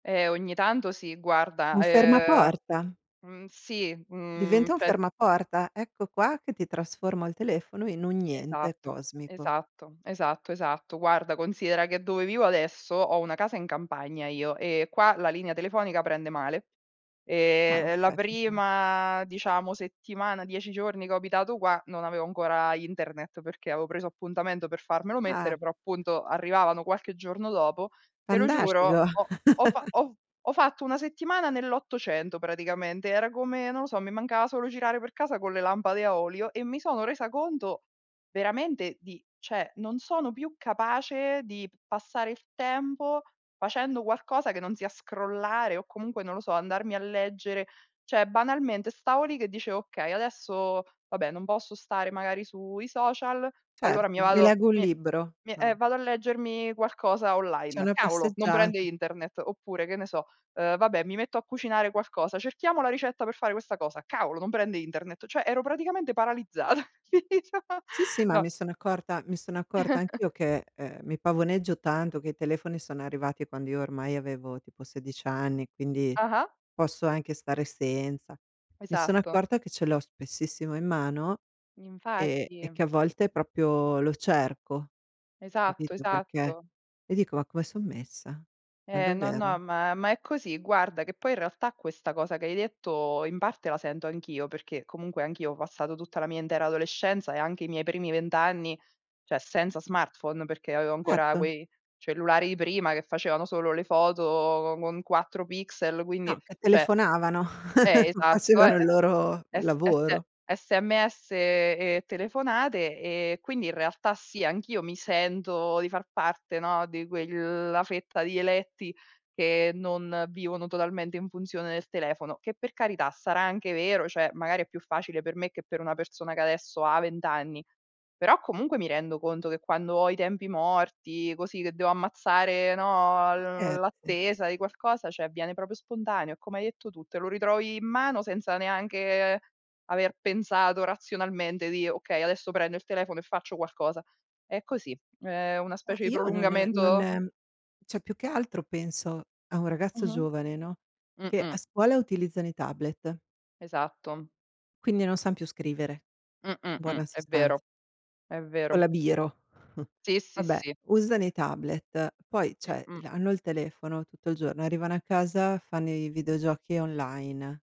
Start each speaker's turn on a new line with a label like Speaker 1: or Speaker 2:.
Speaker 1: Eh, ogni tanto sì, guarda,
Speaker 2: Un
Speaker 1: ehm
Speaker 2: fermaporta.
Speaker 1: Mh, sì, mhmm,
Speaker 2: Diventa un
Speaker 1: cioè
Speaker 2: fermaporta. Ecco qua che ti trasformo il telefono in un niente
Speaker 1: Esatto,
Speaker 2: cosmico.
Speaker 1: esatto, esatto, esatto. Guarda, considera che dove vivo adesso ho una casa in campagna io, e qua la linea telefonica prende male. E
Speaker 2: Ah,
Speaker 1: e la
Speaker 2: okay. Vabbè.
Speaker 1: prima, diciamo, settimana, 10 giorni che ho abitato qua, non avevo ancora internet perché avevo preso appuntamento per farmelo
Speaker 2: Eh.
Speaker 1: mettere, però appunto arrivavano qualche giorno dopo. Te lo giuro,
Speaker 2: Fantastico.
Speaker 1: ho ho fa ho ho fatto una settimana nell'Ottocento praticamente, era come non lo so, mi mancava solo girare per casa con le lampade a olio, e mi sono resa conto, veramente di cioè, non sono più capace di p passare il tempo facendo qualcosa che non sia scrollare, o comunque non lo so, andarmi a leggere cioè, banalmente stavo lì che dicevo: "Okay, adesso, vabbè, non posso stare magari sui social, allora mi
Speaker 2: Certo, mi
Speaker 1: vado
Speaker 2: leggo un
Speaker 1: mi
Speaker 2: libro.
Speaker 1: mi eh,
Speaker 2: No.
Speaker 1: vado a leggermi qualcosa
Speaker 2: Cioè, è
Speaker 1: online.
Speaker 2: una
Speaker 1: Cavolo! Non prende
Speaker 2: passeggiata.
Speaker 1: internet." Oppure, che ne so, uhm: "Vabbè, mi metto a cucinare qualcosa, cerchiamo la ricetta per fare questa cosa. Cavolo! Non prende internet." Cioè, ero praticamente paralizzata.
Speaker 2: Sì, sì, ma
Speaker 1: No.
Speaker 2: mi sono accorta mi sono accorta anch'io che, uhm, mi pavoneggio tanto che i telefoni sono arrivati quando io ormai avevo tipo 16 anni, quindi
Speaker 1: Ah-ah.
Speaker 2: posso anche stare senza. Mi sono
Speaker 1: Esatto.
Speaker 2: accorta che ce l'ho spessissimo in mano e e
Speaker 1: Infatti.
Speaker 2: che a volte proprio lo cerco,
Speaker 1: Esatto,
Speaker 2: capito, perché
Speaker 1: esatto.
Speaker 2: e dico: "Ma come so' messa? Ma
Speaker 1: Eh, no, no,
Speaker 2: davvero?"
Speaker 1: ma ma è così. Guarda, che poi in realtà questa cosa che hai detto in parte la sento anch'io, perché comunque anch'io ho passato tutta la mia intera adolescenza e anche i miei primi 20 anni, cioè, senza smartphone, perché avevo ancora
Speaker 2: Erto.
Speaker 1: quei cellulari di prima che facevano solo le foto co con 4 pixel, quindi,
Speaker 2: No, che
Speaker 1: cioè
Speaker 2: telefonavano,
Speaker 1: Eh, esatto,
Speaker 2: facevano
Speaker 1: eh.
Speaker 2: il loro
Speaker 1: S S
Speaker 2: lavoro.
Speaker 1: SMS e telefonate, e quindi, in realtà sì, anch'io mi sento di far parte, no, di quella fetta di eletti che non vivono totalmente in funzione del telefono. Che per carità, sarà anche vero, cioè, magari è più facile per me che per una persona che adesso ha vent'anni. Però comunque mi rendo conto che quando ho i tempi morti, così, che devo ammazzare, no, l
Speaker 2: Scherzi.
Speaker 1: l'attesa di qualcosa, cioè, viene proprio spontaneo, è come hai detto tu, te lo ritrovi in mano senza neanche aver pensato razionalmente di: "Okay, adesso prendo il telefono e faccio qualcosa." È così, ehm, è una
Speaker 2: Ma
Speaker 1: specie di
Speaker 2: io non
Speaker 1: prolungamento
Speaker 2: non cioè, più che altro penso a un ragazzo
Speaker 1: Mh-mh.
Speaker 2: giovane, no,
Speaker 1: Mh.
Speaker 2: che a
Speaker 1: Mh.
Speaker 2: scuola utilizzano i tablet
Speaker 1: Esatto.
Speaker 2: quindi non san più scrivere,
Speaker 1: Mh. Mh.
Speaker 2: in
Speaker 1: Mh.
Speaker 2: buona
Speaker 1: È
Speaker 2: sostanz
Speaker 1: vero. È
Speaker 2: Con
Speaker 1: vero.
Speaker 2: la biro.
Speaker 1: Sì, sì,
Speaker 2: Vabbè,
Speaker 1: sì.
Speaker 2: usano i tablet. Poi, cioè, l
Speaker 1: Mh-mh.
Speaker 2: hanno il telefono tutto il giorno, arrivano a casa, fanno i videogiochi online.